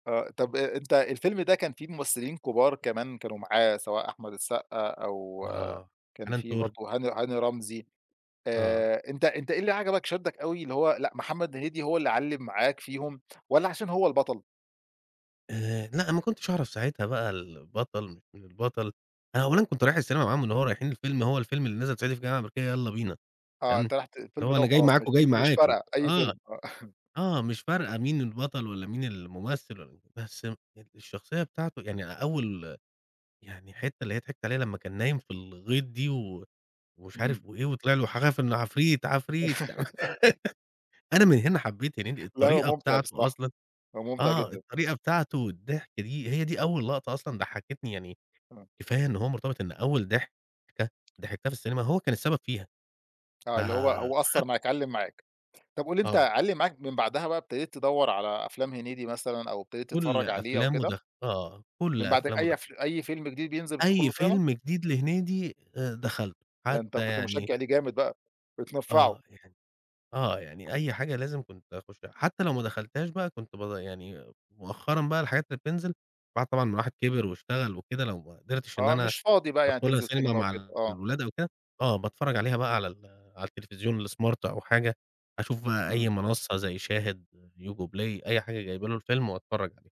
آآ، طب أنتً الفيلم ده كان فيه ممثلين كبار كمان كانوا معاه، سواء أحمد السقا أو آه، كان حنان في تُرك. برضه هاني هاني رمزي. آه. آآ، أنت أنت إيه اللي عجبك شدَّك أوي؟ اللي هو لأ، محمد هنيدي هو اللي علّم معاك فيهم، والّا عشان هو البطَل؟ آآ لأ، أنا ما كنتش أعرف ساعتها البطَل مش من البطَل، أنا أولًا كنت رايِح السينما معاهم، اللي هو رايِحين الفيلم، هو الفيلم اللي نازِل صعيدي في الجامعة الأمريكية، يلا بينا، آه، تمام. أنتَ رُحت اللي الفيلم هو ده أنا جاي وخلاص، مش معاكم، جاي مش معاكم، فارِقة أي آه. فيلم، آه. آه، مش فارقة مين البطَل والّا مين الممثل، والّا بس ال الشخصية بتاعته يعني أول يعني الحتة اللي هي ضحِكت عليها لما كان نايِم في الغِيط، دي، ومش عارف إمم. وإيه، وطلَع له حاجة، فاللي هو عفريت عفريت. أنا من هنا حبَّيت هنيدي، لأ هو الطريقة ممتِع بتاعته بصراحة، أصلًا هو ممتِع آه، جدًا. الطريقة بتاعته الضحك دي، هي دي أول لقطة أصلًا ضحَّكتني، يعني آه. كفاية إن هو مرتبِط إن أول ضحكة ضحَكتها في السينما هو كان السبب فيها، آه، اللي هو هو فاخد أثَّر معاك، علَّم معاك. طب قُل لي، أنت آه. علَّم معاك من بعدها بقى ابتدَيت تدوَّر على أفلام محمد هنيدي مثلًا، أو ابتدَيت كل تتفرَّج عليه أو أفلامه كده؟ دخلَتها آه، كل من بعد أفلامه أي دخل أف أي فيلم جديد بينزِل بتدخُل أي له سينما؟ فيلم جديد لهنيدي آآ، دخلَته ده أنتَ حتى كنت يعني مشجّع لِيه جامد بقى، بتنفَعه. آه يعني آه يعني أي حاجة لازم كنت أخُشها. حتى لو ما دخلتهاش بقى كنت ب يعني مؤخرًا بقى الحاجات اللي بتنزِل بعد طبعًا ما الواحد كِبر واشتغل وكده، لو ما قدرتش إن آه، أنا مش فاضِي بقى يعني أدخّلها تنزِل سينما سينما وكده، مع آه. الولاد أو كده، آه باتفرّج عليها بقى على ال على التلفزيون الsmart أو حاجة، أشوف بقى أي إمم. منصة زي Shahid، Yango Play، أي حاجة جايِبة له الفيلم وأتفرّج عليه.